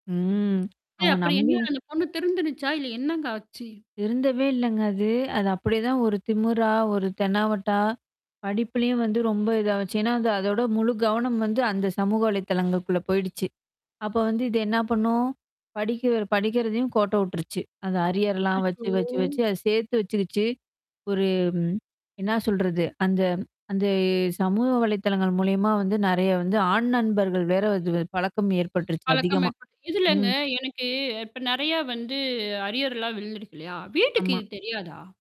ம். ச அவங்க அப்புடி நம்பி என்ன அந்த பொண்ணு திருந்திடுச்சா? இல்ல என்னங்க ஆச்சு? திருந்தவே இல்லங்க அது. அது அப்படியேதான் ஒரு திமுறா, ஒரு தெனாவட்டா. படிப்பிலயும் வந்து ரொம்ப இதாச்சு. ஏன்னா, அந்த அதோட முழு கவனம் வந்து அந்த சமூக வலைதளங்களுக்குள்ள போயிடுச்சு. அப்ப வந்து இது என்ன பண்ணும்? படிக்க படிக்கிறதையும் கோட்ட விட்டுருச்சு. அந்த அரியர்லாம் அச்சச்சோ! வச்சு, வச்சு, வச்சு அத சேர்த்து வச்சுக்கிச்சு. ஒரு என்ன சொல்றது? அந்த அந்த சமூக வலைதளங்கள் மூலியமா வந்து நெறைய வந்து ஆண் நண்பர்கள் வேற அது பழக்கம் ஏற்பட்டுருச்சு பழக்கம் அதிகமா. ஏற்பட்ட இதுலங்க ம். எனக்கு இப்ப நெறையா வந்து அரியர்ல்லாம் விழுந்துருக்கு இல்லையா? வீட்டுக்கு ஆமா. இது தெரியாதா?